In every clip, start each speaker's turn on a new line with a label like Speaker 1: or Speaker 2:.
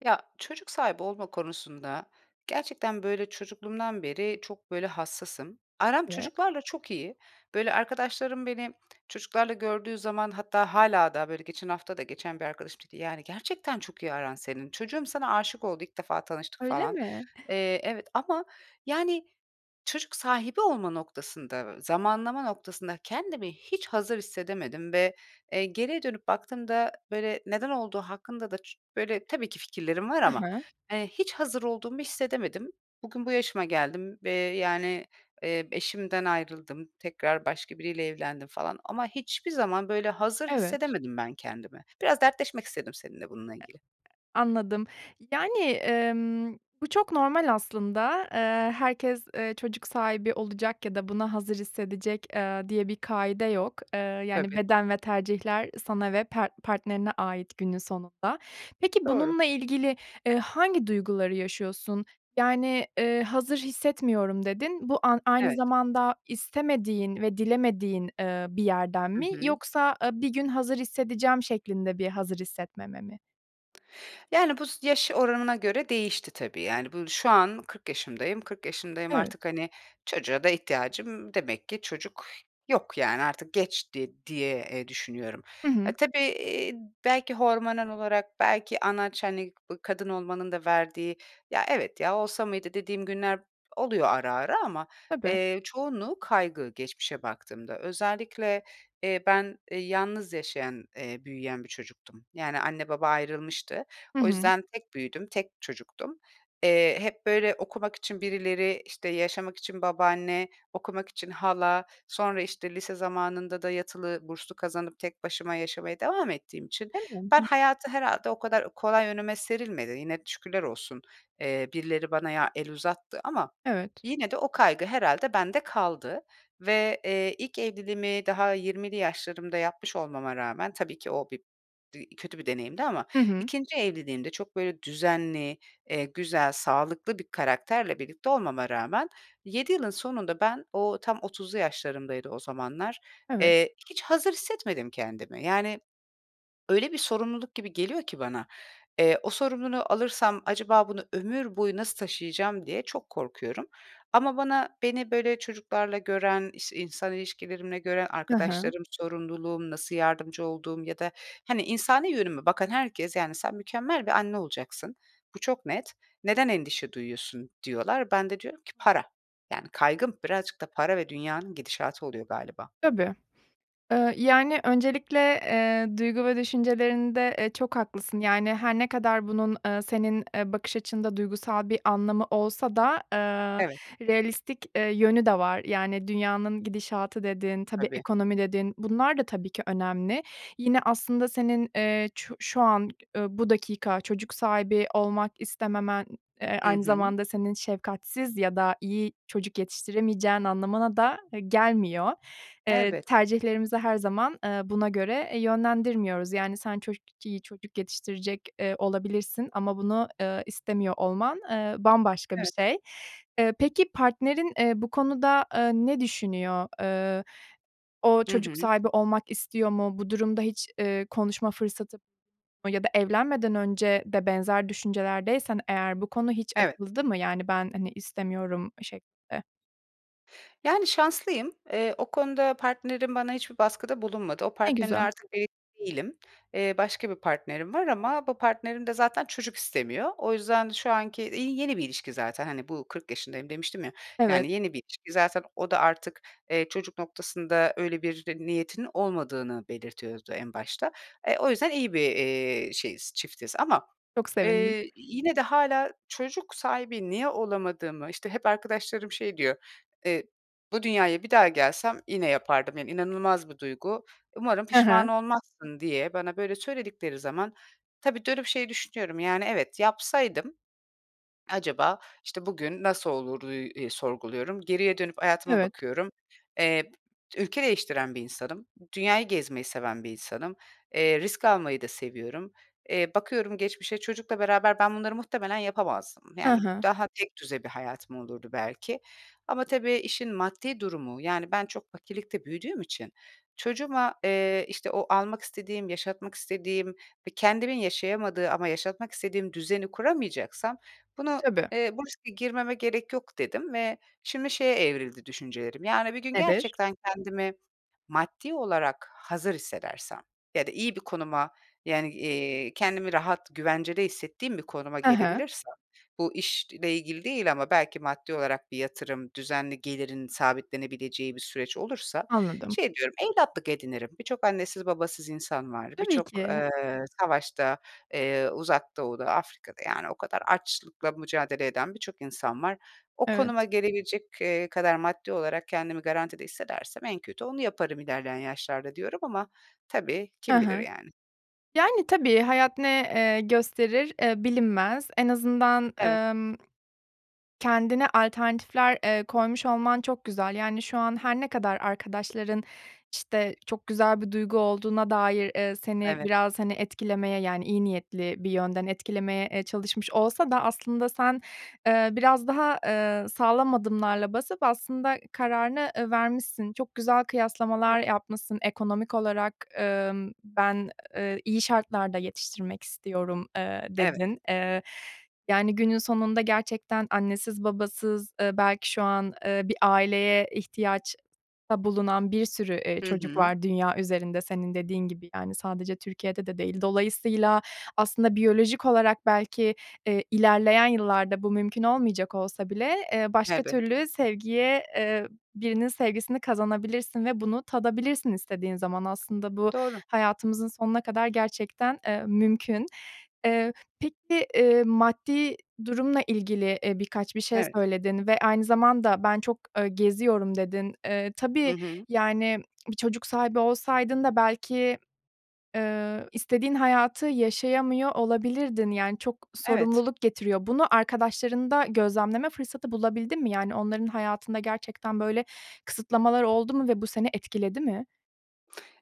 Speaker 1: Ya, çocuk sahibi olma konusunda gerçekten, böyle, çocukluğumdan beri çok, böyle, hassasım. Aram
Speaker 2: [unintelligible]
Speaker 1: çocuklarla çok iyi. Böyle, arkadaşlarım beni çocuklarla gördüğü zaman hatta hâlâ daha, böyle, geçen hafta da geçen bir arkadaşım dedi, "Yani gerçekten çok iyi aran senin, çocuğum sana aşık oldu. İlk defa tanıştık."
Speaker 2: Öyle
Speaker 1: falan.
Speaker 2: mi?
Speaker 1: Eee, evet ama, yani, çocuk sahibi olma noktasında, zamanlama noktasında kendimi hiç hazır hissedemedim ve, eee, geriye dönüp baktığımda, böyle, neden olduğu hakkında da çı böyle, tabii ki fikirlerim var
Speaker 2: I
Speaker 1: ama,
Speaker 2: hı.
Speaker 1: eee, hiç hazır olduğumu hissedemedim. Bugün bu yaşıma geldim ve, yani, eee, eşimden ayrıldım, tekrar başka biriyle evlendim falan ama hiçbir zaman, böyle, hazır
Speaker 2: Evet.
Speaker 1: hissedemedim ben kendimi. Biraz dertleşmek istedim seninle bununla ilgili.
Speaker 2: Anladım. Yani, emm, bu çok normal aslında, eee, herkes, eee, çocuk sahibi olacak ya da buna hazır hissedecek, eee, diye bir kaide yok, eee, yani,
Speaker 1: Tabii.
Speaker 2: beden ve tercihler sana ve pert partnerine ait günün sonunda. Peki
Speaker 1: Doğru.
Speaker 2: bununla ilgili, eee, hangi duyguları yaşıyorsun? Yani, eee, "Hazır hissetmiyorum." dedin. Bu a aynı
Speaker 1: Evet.
Speaker 2: zamanda istemediğin ve dilemediğin, eee, bir yerden
Speaker 1: Hı
Speaker 2: mi
Speaker 1: hı.
Speaker 2: yoksa, eee, bir gün hazır hissedeceğim şeklinde bir hazır hissetmeme mi?
Speaker 1: Yani, bu s yaş oranına göre değişti, tabii. Yani, bu şu an 40 yaşındayım, 40 yaşındayım
Speaker 2: Evet.
Speaker 1: artık. Hani, çocuğa da ihtiyacım demek ki çocuk yok, yani, artık geçti diye eee, düşünüyorum.
Speaker 2: Hı
Speaker 1: Ha,
Speaker 2: hı.
Speaker 1: tabii, eee, belki hormonal olarak belki anaç, hani, bu kadın olmanın da verdiği “Ya, evet, ya olsa mıydı?" dediğim günler oluyor ara ara ama,
Speaker 2: Tabii.
Speaker 1: eee, çoğunluğu kaygı, geçmişe baktığımda. Özellikle, eee, ben, eee, yalnız yaşayan, eee, büyüyen bir çocuktum. Yani, anne baba ayrılmıştı.
Speaker 2: Hı
Speaker 1: O
Speaker 2: hı.
Speaker 1: yüzden tek büyüdüm, tek çocuktum. Eee, hep böyle okumak için birileri işte, yaşamak için babaanne, okumak için hala, sonra işte, lise zamanında da yatılı burslu kazanıp tek başıma yaşamaya devam ettiğim için ben
Speaker 2: [unintelligible]
Speaker 1: hayatı herhâlde o kadar kolay önüme serilmedi. Yine, şükürler olsun, eee, birileri bana ya el uzattı ama
Speaker 2: Evet.
Speaker 1: yine de o kaygı herhâlde bende kaldı ve, eee, ilk evliliğimi daha 20'li yaşlarımda yapmış olmama rağmen, tabii ki o bir bir kötü bir deneyimdi ama
Speaker 2: Hı hı.
Speaker 1: 2'nci evliliğimde çok böyle düzenli, eee, güzel, sağlıklı bir karakterle birlikte olmama rağmen 7 yılın sonunda ben o tam 30'lu yaşlarımdaydı o zamanlar,
Speaker 2: Evet.
Speaker 1: eee, hiç hazır hissetmedim kendimi. Yani, öyle bir sorumluluk gibi geliyor ki bana, eee, o sorumluluğu alırsam acaba bunu ömür boyu nasıl taşıyacağım diye çok korkuyorum ama bana beni böyle çocuklarla gören, işte, insan ilişkilerimle gören
Speaker 2: He he.
Speaker 1: arkadaşlarım, sorumluluğum, nasıl yardımcı olduğum ya da hani, insani yönüme bakan herkes, yani “Sen mükemmel bir anne olacaksın, bu çok net. Neden endişe duyuyorsun?” diyorlar. Ben de diyorum ki “Para.” Yani, kaygım birazcık da para ve dünyanın gidişatı oluyor galiba.
Speaker 2: Tabii. Eee, yani, öncelikle, eee, duygu ve düşüncelerinde, eee, çok haklısın. Yani, her ne kadar bunun, eee, senin, eee, bakış açında duygusal bir anlamı olsa da, eee,
Speaker 1: Evet.
Speaker 2: realistik, eee, yönü de var. Yani, dünyanın gidişatı dedin, tabii,
Speaker 1: Tabii.
Speaker 2: ekonomi dedin, bunlar da tabii ki önemli. Yine, aslında senin, eee, çu şu an, eee, bu dakika çocuk sahibi olmak istememen, eee,
Speaker 1: Hı
Speaker 2: aynı
Speaker 1: hı.
Speaker 2: zamanda senin şefkatsiz ya da iyi çocuk yetiştiremeyeceğin anlamına da, eee, gelmiyor. Eee,
Speaker 1: Elbette
Speaker 2: tercihlerimizi her zaman, eee, buna göre, eee, yönlendirmiyoruz. Yani, sen çocuk iyi çocuk yetiştirecek, eee, olabilirsin ama bunu, eee, istemiyor olman, eee, bambaşka bir
Speaker 1: Evet.
Speaker 2: şey. Eee, peki, partnerin, eee, bu konuda, eee, ne düşünüyor? Eee, o
Speaker 1: Hı
Speaker 2: çocuk
Speaker 1: hı.
Speaker 2: sahibi olmak istiyor mu? Bu durumda hiç, eee, konuşma fırsatı ya da evlenmeden önce de benzer düşüncelerdeysen eğer bu konu hiç
Speaker 1: Evet.
Speaker 2: açıldı mı? Yani ben, hani, istemiyorum şeklinde.
Speaker 1: Yani, şanslıyım. Eee, o konuda partnerim bana hiçbir baskıda bulunmadı. O
Speaker 2: Ne
Speaker 1: partnerimle
Speaker 2: güzel.
Speaker 1: artık evli değilim. Eee, başka bir partnerim var ama bu partnerim de zaten çocuk istemiyor. O yüzden şu anki, iii, yeni bir ilişki zaten, hani, bu 40 yaşındayım demiştim ya
Speaker 2: Evet.
Speaker 1: yani, yeni bir ilişki. Zaten o da artık, eee, çocuk noktasında öyle bir niyetinin olmadığını belirtiyordu en başta. E, o yüzden iyi bir, eee, şeyiz, çiftiz. Ama,
Speaker 2: Çok sevindim.
Speaker 1: eee, yine de hâlâ çocuk sahibi niye olamadığımı, işte, hep arkadaşlarım şey diyor, eee, "Bu dünyaya bir daha gelsem yine yapardım, yani, inanılmaz bir duygu. Umarım
Speaker 2: Hı
Speaker 1: pişman
Speaker 2: hı.
Speaker 1: olmazsın" diye bana böyle söyledikleri zaman tabii, dönüp şey düşünüyorum, yani, evet yapsaydım acaba, işte, bugün nasıl oluru, üüü, eee, sorguluyorum. Geriye dönüp hayatıma
Speaker 2: Evet.
Speaker 1: bakıyorum. Eee, ülke değiştiren bir insanım. Dünyayı gezmeyi seven bir insanım. Eee, risk almayı da seviyorum. Eee, bakıyorum geçmişe çocukla beraber ben bunları muhtemelen yapamazdım,
Speaker 2: Hı
Speaker 1: yani,
Speaker 2: hı.
Speaker 1: daha tekdüze bir hayatım olurdu belki ama tabii işin maddi durumu, yani, ben çok fakirlikte büyüdüğüm için çocuğuma, eee, işte, o almak istediğim, yaşatmak istediğim ve kendimin yaşayamadığı ama yaşatmak istediğim düzeni kuramayacaksam bunu,
Speaker 2: Tabii.
Speaker 1: eee, bu riske girmeme gerek yok, dedim ve şimdi şeye evrildi düşüncelerim. Yani, bir gün
Speaker 2: Nedir?
Speaker 1: gerçekten kendimi maddi olarak hazır hissedersem ya da iyi bir konuma, yani, iii, kendimi rahat, güvencede hissettiğim bir konuma
Speaker 2: I hı.
Speaker 1: gelebilirsem, bu işle ilgili değil ama belki maddi olarak bir yatırım, düzenli gelirin sabitlenebileceği bir süreç olursa
Speaker 2: Anladım.
Speaker 1: şey diyorum, evlatlık edinirim. Birçok annesiz babasız insan var.
Speaker 2: Tabii
Speaker 1: Birçok,
Speaker 2: ki.
Speaker 1: eee, savaşta, eee, Uzak Doğu'da, Afrika'da, yani, o kadar açlıkla mücadele eden birçok insan var. O konuma
Speaker 2: Evet.
Speaker 1: gelebilecek, eee, kadar maddi olarak kendimi garantide hissedersem en kötü onu yaparım ilerleyen yaşlarda diyorum ama tabii
Speaker 2: Hı
Speaker 1: kim bilir,
Speaker 2: hı.
Speaker 1: yani.
Speaker 2: Yani, tabii hayat ne, eee, gösterir, eee, bilinmez. En azından,
Speaker 1: Evet.
Speaker 2: emm, kendine alternatifler, eee, koymuş olman çok güzel. Yani, şu an her ne kadar arkadaşların, işte, çok güzel bir duygu olduğuna dair, eee, seni
Speaker 1: Evet.
Speaker 2: biraz, hani, etkilemeye, yani, iyi niyetli bir yönden etkilemeye, eee, çalışmış olsa da aslında sen, eee, biraz daha, eee, sağlam adımlarla basıp aslında kararını, eee, vermişsin, çok güzel
Speaker 1: [unintelligible]
Speaker 2: kıyaslamalar yapmışsın, ekonomik olarak, emm, "Ben, eee, iyi şartlarda yetiştirmek istiyorum" eee,
Speaker 1: Evet.
Speaker 2: dedin. Eee, yani, günün sonunda gerçekten annesiz, babasız, eee, belki şu an, eee, bir aileye ihtiyaçta bulunan bir sürü, eee,
Speaker 1: Hı
Speaker 2: çocuk
Speaker 1: hı.
Speaker 2: var dünya üzerinde senin dediğin gibi, yani, sadece Türkiye'de de değil. Dolayısıyla aslında biyolojik olarak belki, eee, ilerleyen yıllarda bu mümkün olmayacak olsa bile, eee, başka
Speaker 1: Elbette.
Speaker 2: türlü sevgiye eee, birinin sevgisini kazanabilirsin ve bunu tadabilirsin istediğin zaman aslında bu
Speaker 1: Doğru.
Speaker 2: hayatımızın sonuna kadar gerçekten, eee, mümkün. Eee, peki, eee, maddi durumla ilgili, eee, birkaç bir şey
Speaker 1: Evet.
Speaker 2: söyledin ve aynı zamanda, "Ben çok, eee, geziyorum" dedin. Eee,
Speaker 1: Hı
Speaker 2: tabii,
Speaker 1: hı.
Speaker 2: yani, bir çocuk sahibi olsaydın da belki, eee, istediğin hayatı yaşayamıyor olabilirdin, yani, çok
Speaker 1: Evet.
Speaker 2: sorumluluk getiriyor. Bunu arkadaşlarında gözlemleme fırsatı bulabildin mi? Yani, onların hayatında gerçekten böyle kısıtlamalar oldu mu ve bu seni etkiledi mi?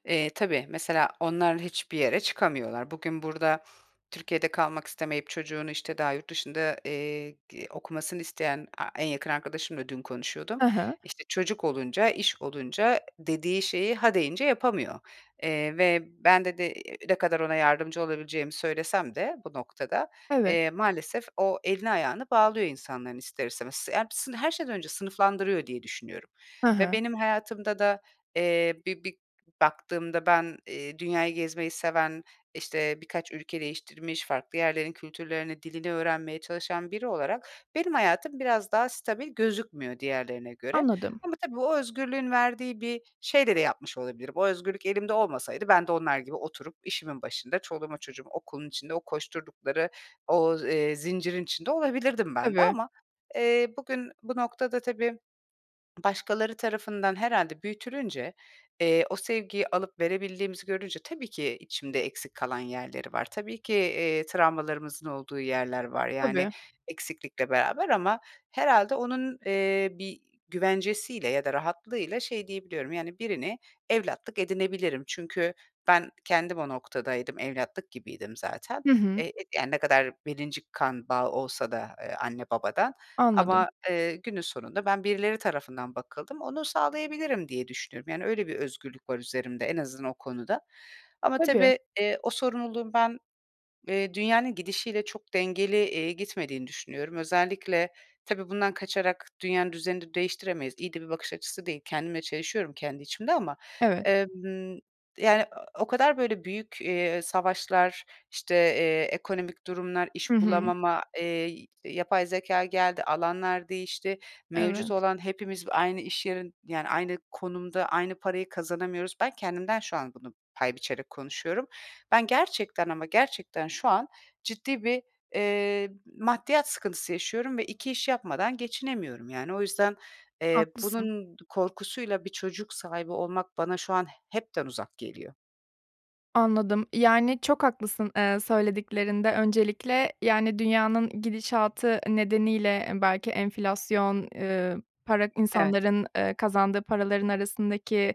Speaker 1: Eee, tabii, mesela onlar hiçbir yere çıkamıyorlar. Bugün burada Türkiye'de kalmak istemeyip çocuğunu işte daha yurt dışında, eee, g okumasını isteyen A en yakın arkadaşımla dün konuşuyordum,
Speaker 2: Hı hı.
Speaker 1: işte, çocuk olunca, iş olunca, dediği şeyi ha deyince yapamıyor, eee, ve ben dedi ne kadar ona yardımcı olabileceğimi söylesem de bu noktada,
Speaker 2: Evet.
Speaker 1: eee, maalesef o elini ayağını bağlıyor insanların ister istemez. Hepsi her şeyden önce sınıflandırıyor diye düşünüyorum
Speaker 2: Hı
Speaker 1: ve
Speaker 2: hı.
Speaker 1: benim hayatımda da, eee, bir bir baktığımda ben, eee, dünyayı gezmeyi seven, işte, birkaç ülke değiştirmiş, farklı yerlerin kültürlerini, dilini öğrenmeye çalışan biri olarak benim hayatım, biraz daha stabil gözükmüyor diğerlerine göre
Speaker 2: Anladım.
Speaker 1: ama tabii o özgürlüğün verdiği bir şeyle de yapmış olabilirim. O özgürlük elimde olmasaydı ben de onlar gibi oturup işimin başında çoluğuma çocuğum okulun içinde o koşturdukları o, eee, zincirin içinde olabilirdim ben de
Speaker 2: Tabii.
Speaker 1: ama, eee, bugün bu noktada tabii başkaları tarafından herhâlde büyütülünce, eee, o sevgiyi alıp verebildiğimizi görünce tabii ki içimde eksik kalan yerleri var. Tabii ki, eee, travmalarımızın olduğu yerler var. Yani,
Speaker 2: Tabii.
Speaker 1: eksiklikle beraber ama herhâlde onun, eee, bir güvencesiyle ya da rahatlığıyla şey diyebiliyorum, yani, birini evlatlık edinebilirim. Çünkü ben kendim o noktadaydım, evlatlık gibiydim zaten,
Speaker 2: Hı hı.
Speaker 1: eee, ne kadar 1'inci kan bağı olsa da, eee, anne babadan
Speaker 2: Anladım.
Speaker 1: ama, eee, günün sonunda ben birileri tarafından bakıldım, onu sağlayabilirim diye düşünüyorum. Yani, öyle bir özgürlük var üzerimde en azından o konuda ama
Speaker 2: Tabii.
Speaker 1: tabii, eee, o sorumluluğun ben, eee, dünyanın gidişiyle çok dengeli, eee, gitmediğini düşünüyorum. Özellikle tabii bundan kaçarak dünyanın düzenini değiştiremeyiz. İyi de bir bakış açısı değil. Kendimle çelişiyorum, kendi içimde ama,
Speaker 2: Evet.
Speaker 1: emm, yani, o kadar böyle büyük, eee, savaşlar, işte, eee, ekonomik durumlar,
Speaker 2: Hı
Speaker 1: iş
Speaker 2: hı.
Speaker 1: bulamama, eee, yapay zekâ geldi, alanlar değişti, mevcut
Speaker 2: Evet.
Speaker 1: olan hepimiz aynı iş yerin, yani, aynı konumda, aynı parayı kazanamıyoruz. Ben kendimden şu an bunu pay biçerek konuşuyorum. Ben gerçekten ama gerçekten şu an ciddi bir, eee, maddiyat sıkıntısı yaşıyorum ve 2 iş yapmadan geçinemiyorum yani. O yüzden, eee,
Speaker 2: Haklısın.
Speaker 1: bunun korkusuyla bir çocuk sahibi olmak bana şu an hepten uzak geliyor.
Speaker 2: Anladım, yani, çok haklısın, eee, söylediklerinde öncelikle, yani, dünyanın gidişatı nedeniyle belki enflasyon, ııı, para
Speaker 1: Evet.
Speaker 2: insanların, eee, kazandığı paraların arasındaki,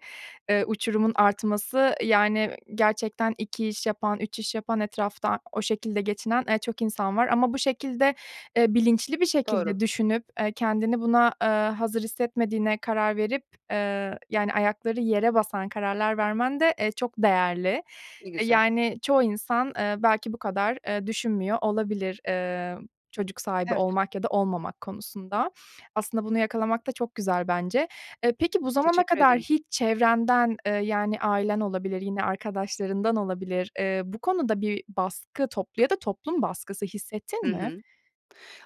Speaker 2: eee, uçurumun artması, yani, gerçekten 2 iş yapan, 3 iş yapan, etrafta o şekilde geçinen, eee, çok insan var ama bu şekilde, eee, bilinçli bir
Speaker 1: Doğru.
Speaker 2: şekilde düşünüp, eee, kendini buna, eee, hazır hissetmediğine karar verip, eee, yani, ayakları yere basan kararlar vermen de, eee, çok değerli.
Speaker 1: Ne
Speaker 2: E,
Speaker 1: güzel.
Speaker 2: yani çoğu insan, eee, belki bu kadar, eee, düşünmüyor olabilir, eee, çocuk sahibi
Speaker 1: Evet.
Speaker 2: olmak ya da olmamak konusunda. Aslında bunu yakalamak da çok güzel bence. Eee, peki bu zamana
Speaker 1: Teşekkür
Speaker 2: kadar
Speaker 1: ederim.
Speaker 2: hiç çevrenden, eee, yani, ailen olabilir, yine arkadaşlarından olabilir, eee, bu konuda bir baskı, toplu ya da toplum baskısı
Speaker 1: Hı
Speaker 2: hissettin mi?
Speaker 1: hı.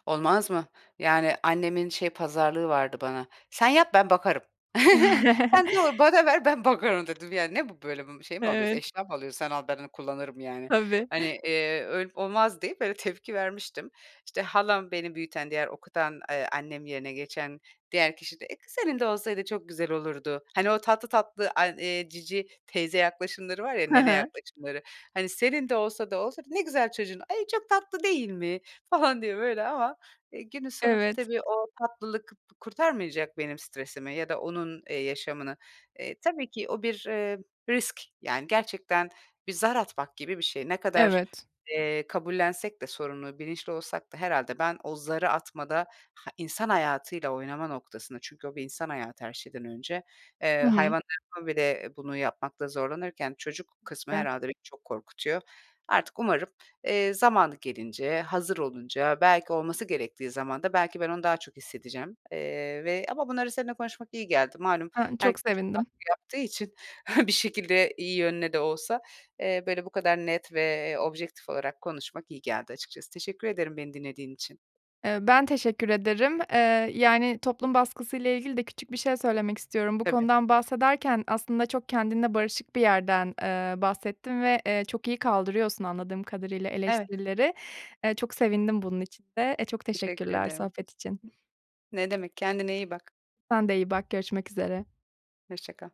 Speaker 1: Olmaz mı? Yani, annemin şey pazarlığı vardı bana. "Sen yap, ben bakarım. Sen doğur bana ver, ben bakarım." Dedim: "Yani, ne bu, böyle, şey mi alıyoruz,
Speaker 2: Evet.
Speaker 1: eşya mı alıyoruz? Sen al ben kullanırım, yani."
Speaker 2: Tabii.
Speaker 1: Hani, iii, "Öyle olmaz!" deyip böyle tepki vermiştim. İşte, halam beni büyüten, diğer okutan, eee, annem yerine geçen diğer kişi de kı senin de olsaydı çok güzel olurdu. Hani, o tatlı tatlı an eee, cici teyze yaklaşımları var ya,
Speaker 2: He
Speaker 1: nene
Speaker 2: he.
Speaker 1: yaklaşımları, hani, senin de olsa da olsa, "Ne güzel çocuğun, ay, çok tatlı değil mi!" falan diye böyle ama, e, günün sonunda
Speaker 2: Evet.
Speaker 1: tabii o tatlılık kurtarmayacak benim stresimi ya da onun, eee, yaşamını. Eee, tabii ki o bir, eee, risk, yani, gerçekten bir zar atmak gibi bir şey. Ne kadar,
Speaker 2: Evet.
Speaker 1: eee, kabullensek de sorumluluğu, bilinçli olsak da herhâlde ben o zarı atmada, ha, insan hayatıyla oynama noktasında çünkü o bir insan hayatı her şeyden önce, eee,
Speaker 2: Hı hı.
Speaker 1: hayvanlarıma bile bunu yapmakta zorlanırken çocuk kısmı
Speaker 2: [unintelligible]
Speaker 1: herhâlde beni çok korkutuyor. Artık umarım, eee, zamanı gelince, hazır olunca, belki olması gerektiği zamanda belki ben onu daha çok hissedeceğim, eee, ve ama bunları seninle konuşmak iyi geldi. Malum
Speaker 2: [unintelligible] çok
Speaker 1: herkes çok
Speaker 2: sevindim.
Speaker 1: baskı yaptığı için bir şekilde iyi yönle de olsa, eee, böyle bu kadar net ve, eee, objektif olarak konuşmak iyi geldi açıkçası. Teşekkür ederim, beni dinlediğin için.
Speaker 2: Eee, ben teşekkür ederim, eee, yani, toplum baskısıyla ilgili de küçük bir şey söylemek istiyorum. Bu
Speaker 1: Tabii.
Speaker 2: konudan bahsederken aslında çok kendinle barışık bir yerden, eee, bahsettin ve, eee, çok iyi kaldırıyorsun anladığım kadarıyla
Speaker 1: Evet.
Speaker 2: eleştirileri. Eee, çok sevindim bunun için de. E, çok
Speaker 1: Teşekkür
Speaker 2: teşekkürler
Speaker 1: ederim.
Speaker 2: sohbet için.
Speaker 1: Ne demek, kendine iyi bak.
Speaker 2: Sen de iyi bak, görüşmek üzere.
Speaker 1: Hoşça kal.